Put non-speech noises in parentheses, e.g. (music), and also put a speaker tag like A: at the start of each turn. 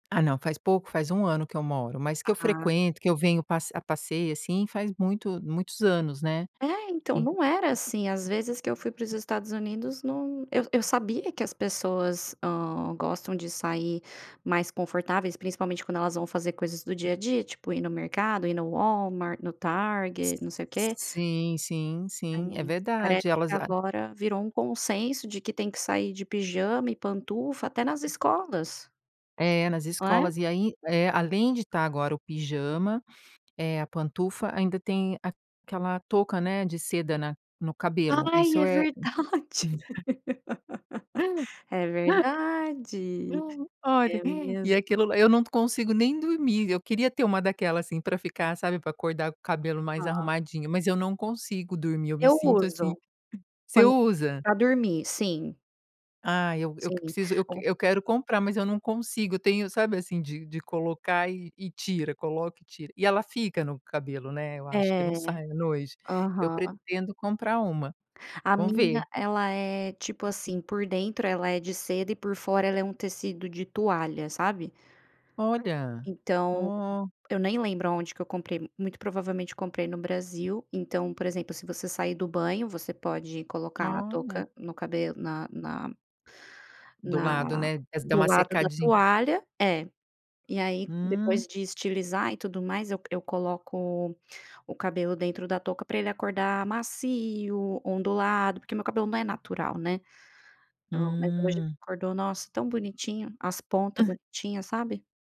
A: Ah não, faz pouco, faz 1 ano que eu moro, mas que eu
B: Ah.
A: frequento, que eu venho pa a passeio assim faz muito muitos anos, né?
B: Eh, então
A: En
B: não era assim, às vezes que eu fui para os Estados Unidos não, eu sa sabia que as pessoas, hã, gostam de sair mais confortáveis, principalmente quando elas vão fazer coisas do dia a dia, tipo ir no mercado, ir no Walmart, no Target,
A: Si
B: não sei o quê.
A: sim, sim, sim é
B: Ai,
A: verdade
B: parece que
A: elas a
B: agora virou um consenso de que tem que sair de pijama e pantufa até nas escolas.
A: É nas
B: Não é?
A: escolas e aí, eh, além de estar agora o pijama, é a pantufa, ainda tem aquela touca, né, de seda na no cabelo.
B: Ai
A: Isso
B: é
A: é
B: verdade. (laughs)
A: (chuckles)
B: É
A: (laughs)
B: verdade.
A: (chuckles) Olha,
B: É
A: (chuckles) e
B: mesmo.
A: aquilo eu não consigo nem dormir. Eu queria ter uma daquela, assim, pra ficar, sabe, pra acordar com o cabelo mais
B: Ah.
A: arrumadinho, mas eu não consigo dormir. Eu me
B: Eu
A: sinto assim
B: uso,
A: você
B: quando
A: usa?
B: pra dormir sim.
A: Ah, eu eu
B: Sim,
A: preciso, eu
B: o
A: eu quero comprar, mas eu não consigo. Tenho, sabe, assim, de de colocar e e tira, coloca e tira, e ela fica no cabelo, né. Eu acho que
B: É,
A: não sai à noite. Eu
B: aham.
A: pretendo comprar uma,
B: A
A: vamos
B: minha
A: ver.
B: ela é tipo, assim, por dentro ela é de seda e por fora ela é um tecido de toalha, sabe?
A: Olha,
B: Então
A: ó.
B: eu nem lembro aonde que eu comprei, muito provavelmente comprei no Brasil. Então, por exemplo, se você sair do banho, você pode colocar a
A: Olha.
B: touca no cabelo na na
A: Do
B: na
A: lado, né, dá
B: do
A: uma
B: lado da
A: secadinha.
B: toalha, é. E aí,
A: Hum.
B: depois de estilizar e tudo mais, eu coloco o cabelo dentro da touca para ele acordar macio, ondulado, porque meu cabelo não é natural, né? Ou mas hoje ele
A: Hum.
B: acordou, nossa, tão bonitinho, as pontas bonitinhas, sabe?